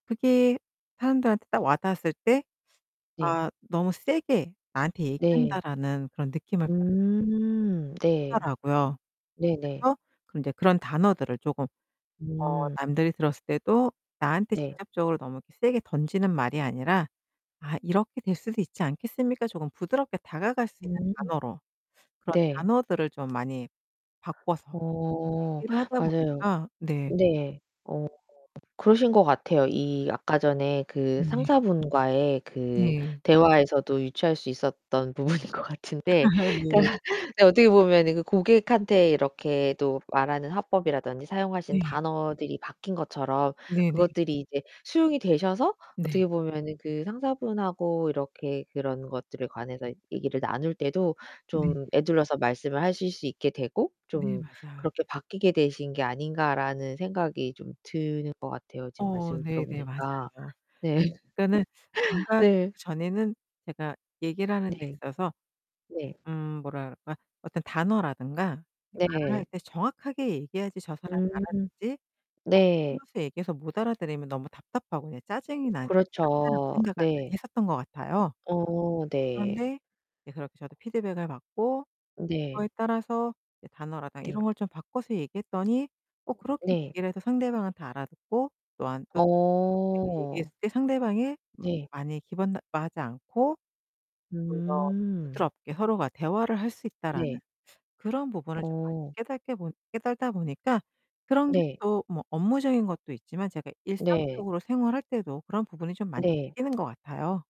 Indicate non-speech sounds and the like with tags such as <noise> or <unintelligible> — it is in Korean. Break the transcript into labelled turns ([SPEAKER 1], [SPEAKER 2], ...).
[SPEAKER 1] 그게 사람들한테 딱 와 닿았을 때
[SPEAKER 2] 네.
[SPEAKER 1] '아 너무 세게 나한테
[SPEAKER 2] 네.
[SPEAKER 1] 얘기한다.'라는 그런 느낌을 받았 <unintelligible>
[SPEAKER 2] 음 네.
[SPEAKER 1] 하더라고요.
[SPEAKER 2] 네네.
[SPEAKER 1] 그래서 이제 그런 단어들을 쪼금 어
[SPEAKER 2] 음.
[SPEAKER 1] 남들이 들었을 때도 나한테
[SPEAKER 2] 네.
[SPEAKER 1] 직접적으로 너무 세게 던지는 말이 아니라 "아 이렇게 될 수도 있지 않겠습니까?" 조금 부드럽게 다가갈 수 있는
[SPEAKER 2] 음.
[SPEAKER 1] 단어로. 그런
[SPEAKER 2] 네.
[SPEAKER 1] 단어들을 좀 많이 바꿔서
[SPEAKER 2] 어
[SPEAKER 1] 얘기를 하다
[SPEAKER 2] 맞아요.
[SPEAKER 1] 보니까 네.
[SPEAKER 2] 네. 어 그러신 것 같아요. 이 아까 전에 그
[SPEAKER 1] 네.
[SPEAKER 2] 상사분과의 그
[SPEAKER 1] 네.
[SPEAKER 2] 대화에서도 유추할 수 있었던 부분인 것
[SPEAKER 1] 아
[SPEAKER 2] 같은데
[SPEAKER 1] 네.
[SPEAKER 2] 그니까 네 어떻게 보면은 그 고객한테 이렇게 또 말하는 화법이라든지 사용하시는
[SPEAKER 1] 네.
[SPEAKER 2] 단어들이 바뀐 것처럼
[SPEAKER 1] 네네.
[SPEAKER 2] 그것들이 이제 수용이 되셔서
[SPEAKER 1] 네.
[SPEAKER 2] 어떻게 보면은 그 상사분하고 이렇게 그런 것들에 관해서 얘기를 나눌 때도
[SPEAKER 1] 네.
[SPEAKER 2] 좀 에둘러서 말씀을 하실 수 있게 되고
[SPEAKER 1] 네,
[SPEAKER 2] '좀
[SPEAKER 1] 맞아요.
[SPEAKER 2] 그렇게 바뀌게 되신 게 아닌가.'라는 생각이 좀 드는 것 같아요 지금
[SPEAKER 1] 어
[SPEAKER 2] 말씀을 들어
[SPEAKER 1] 네네.
[SPEAKER 2] 보니까.
[SPEAKER 1] 맞아요.
[SPEAKER 2] 네.
[SPEAKER 1] 그러니까는
[SPEAKER 2] <laughs>
[SPEAKER 1] 뭔가
[SPEAKER 2] 네.
[SPEAKER 1] 전에는 제가 얘기를 하는데
[SPEAKER 2] 네.
[SPEAKER 1] 있어서
[SPEAKER 2] 네.
[SPEAKER 1] 음 뭐라 그럴까? 어떤 단어라든가 이 말을 할
[SPEAKER 2] 네.
[SPEAKER 1] 때 정확하게 얘기해야지 저 사람이
[SPEAKER 2] 음
[SPEAKER 1] 알아듣지
[SPEAKER 2] 네.
[SPEAKER 1] <unintelligible> 얘기해서 못 알아들으면 너무 답답하고 그냥 짜증이 난 난다라고
[SPEAKER 2] 그렇죠.
[SPEAKER 1] 생각을 많이
[SPEAKER 2] 네.
[SPEAKER 1] 했었던 것 같아요.
[SPEAKER 2] 어 네.
[SPEAKER 1] 그런데 이제 그렇게 저도 피드백을 받고
[SPEAKER 2] 네.
[SPEAKER 1] 그거에 따라서 이제 단어라든가
[SPEAKER 2] 네.
[SPEAKER 1] 이런 걸 좀 바꿔서 얘기했더니 어 그렇게
[SPEAKER 2] 네.
[SPEAKER 1] 얘기를 해서 상대방은 다 알아듣고 또한 또 내가
[SPEAKER 2] 어.
[SPEAKER 1] 얘기했을 때 상대방이 마
[SPEAKER 2] 네.
[SPEAKER 1] 많이 기분 나빠하지 않고 '좀 더
[SPEAKER 2] 음.
[SPEAKER 1] 부드럽게 서로가 대화를 할 수 있다.'라는
[SPEAKER 2] 네.
[SPEAKER 1] 그런 부분을 좀 많이
[SPEAKER 2] 어.
[SPEAKER 1] 깨닫게 보 깨닫다 보니까 그런 게
[SPEAKER 2] 네.
[SPEAKER 1] 또 뭐 업무적인 것도 있지만 제가
[SPEAKER 2] 네.
[SPEAKER 1] 일상적으로 생활할 때도 그런 부분이 좀 많이
[SPEAKER 2] 네.
[SPEAKER 1] 바뀌는 것 같아요.